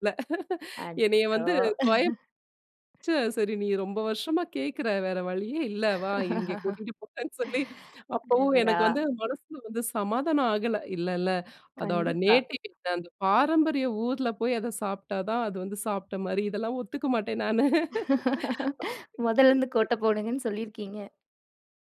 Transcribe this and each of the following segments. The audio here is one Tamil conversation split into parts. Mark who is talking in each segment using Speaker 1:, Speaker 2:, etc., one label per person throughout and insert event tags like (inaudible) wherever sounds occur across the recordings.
Speaker 1: இல்ல (laughs) என்னய
Speaker 2: அச்சச்சோ!
Speaker 1: வந்து தொயந் ச்சே!
Speaker 2: (laughs)
Speaker 1: சரி நீ ரொம்ப வருஷமா கேட்குற வேற வழியே இல்ல வா! இங்க
Speaker 2: (laughs)
Speaker 1: கூட்டிட்டு போறன்னு சொல்லி அப்பவும்
Speaker 2: என்னடா!
Speaker 1: எனக்கு வந்து மனசுல வந்து சமாதானம் ஆகல. இல்லல்ல. அதோட
Speaker 2: கண்டிப்பா.
Speaker 1: நேட்டிவ் (unintelligible) அந்த பாரம்பரிய ஊர்ல போய் அத சாப்டா தான் அது வந்து சாப்டமாரி இதெல்லாம் ஒத்துக்கமாட்டேன் நானு (laughs)
Speaker 2: (laughs) முதல்ல இருந்து கோட்ட
Speaker 1: (unintelligible)
Speaker 2: போடுங்கன்னு சொல்லியிருக்கீங்க.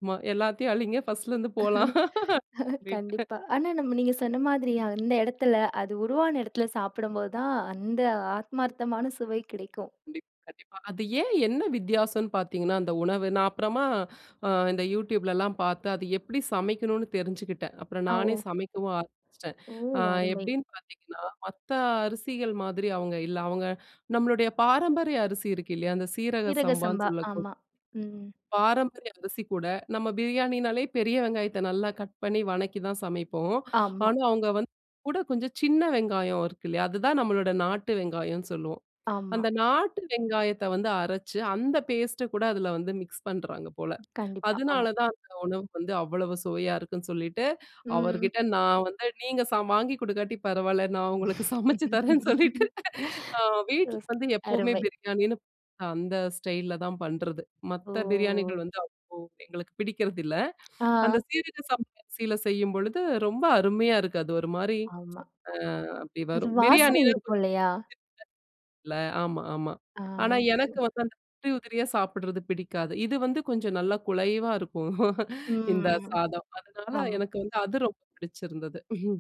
Speaker 1: ஆமா. எல்லாத்தையும் அழிங்க. ஃபர்ஸ்ட் ல இருந்து போலாம்
Speaker 2: (laughs)
Speaker 1: (laughs) ரிட்ட
Speaker 2: கண்டிப்பா, ஆனா நம்ம நீங்க நம்ம சொன்னமாதிரி, அந்த இடத்துல அது உருவான இடத்துல சாப்பிடும்போது தான், அந்த ஆத்மார்த்தமான சுவை கெடைக்கும்.
Speaker 1: கண்டிப்பா, கண்டிப்பா. அது ஏன் என்ன வித்தியாசம்ன்னு பாத்தீங்கன்னா, அந்த உணவு நான் அப்பறமா அ இந்த யூடியூப் லலாம் பாத்த அது எப்பிடி சமைக்கணுன்னு தெரிஞ்சுக்கிட்டேன். அப்புறம்
Speaker 2: ஆ, ஒ.
Speaker 1: நானே சமைக்கவும் ஆரம்பிச்சுட்டேன்.
Speaker 2: ஓ!
Speaker 1: அ,
Speaker 2: அருமை.
Speaker 1: எப்பிடின்னு பாத்தீங்கன்னா, மத்த அரிசிகள் மாதிரி அவுங்க இல்ல. அவுங்க நம்மளுடய பாரம்பரிய அரிசி இருக்கு இல்லயா! அந்த சீரக
Speaker 2: சீரக
Speaker 1: சம்பான்னு
Speaker 2: சம்பா.
Speaker 1: சொல்லக்கூ
Speaker 2: ஆமா, ம்.
Speaker 1: பாரம்பரிய அரிசி கூட, நம்ம பிரியாணினாலே பெரிய வெங்காயத்த நல்லா கட் பண்ணி, வணக்கி தான் சமைப்போம்.
Speaker 2: ஆமா.
Speaker 1: ஆனா, அவுங்க வந்து (unintelligible) கூட கொஞ்சம் சின்ன வெங்காயம் இருக்கு இல்லயா! அதுதான் நம்மளோட நாட்டு வெங்காயம்ன்னு சொல்லுவோம்.
Speaker 2: ஆமா.
Speaker 1: அந்த நாட்டு வெங்காயத்த வந்து அரச்சு, அந்த பேஸ்ட் அ கூட அதுல வந்து மிக்ஸ் பண்றாங்க போல.
Speaker 2: கண்டிப்பா.
Speaker 1: அதனால
Speaker 2: ஆமா.
Speaker 1: தான் அந்த உணவு வந்து அவ்வளவு சுவையா இருக்குன்னு சொல்லிட்டு,
Speaker 2: ம்.
Speaker 1: அவர்க்கிட்ட நான் வந்து நீங்க சா வாங்கிக் கொடுக்காட்டி பரவால்ல. நான் உங்களுக்கு சமைச்சு தரேன்னு சொல்லிட்டு ஆ, வீட்டுக்கு
Speaker 2: (laughs)
Speaker 1: வந்து
Speaker 2: (unintelligible)
Speaker 1: எப்பவுமே
Speaker 2: அருமை.
Speaker 1: பிரியாணின்னு, அந்த ஸ்டைல் அ தான் பண்றது. மத்த பிரியாணிகள்
Speaker 2: ஓ!
Speaker 1: வந்து அவ்ளோ எங்களுக்கு பிடிக்குறதில்ல.
Speaker 2: (smacks lips)
Speaker 1: அந்த
Speaker 2: ஆ.
Speaker 1: சீரக சம்ப அரிசியில செய்யும்பொழுது, ரொம்ப அருமையா இருக்கு. அது ஒருமாரி,
Speaker 2: ஆமா.
Speaker 1: ஆ அப்பிடி
Speaker 2: அது
Speaker 1: வரும்.
Speaker 2: வாசன
Speaker 1: பிரியாணினா கொஞ்சம்
Speaker 2: இருக்கும்
Speaker 1: (unintelligible)
Speaker 2: இல்லயா!
Speaker 1: இல்ல. ஆமா, ஆமா.
Speaker 2: ஆ
Speaker 1: ஆனா, எனக்கு
Speaker 2: (unintelligible)
Speaker 1: வந்து அந்த உதிரி, உதிரியா சாப்பட்றது பிடிக்காது. இது வந்து கொஞ்சம் நல்லா குலைவா இருக்கும் இந்த
Speaker 2: ம்,
Speaker 1: சாதம். அதனால
Speaker 2: ஆமா.
Speaker 1: எனக்கு வந்து அது ரொம்ப பிடிச்சிருந்தது. (chuckles)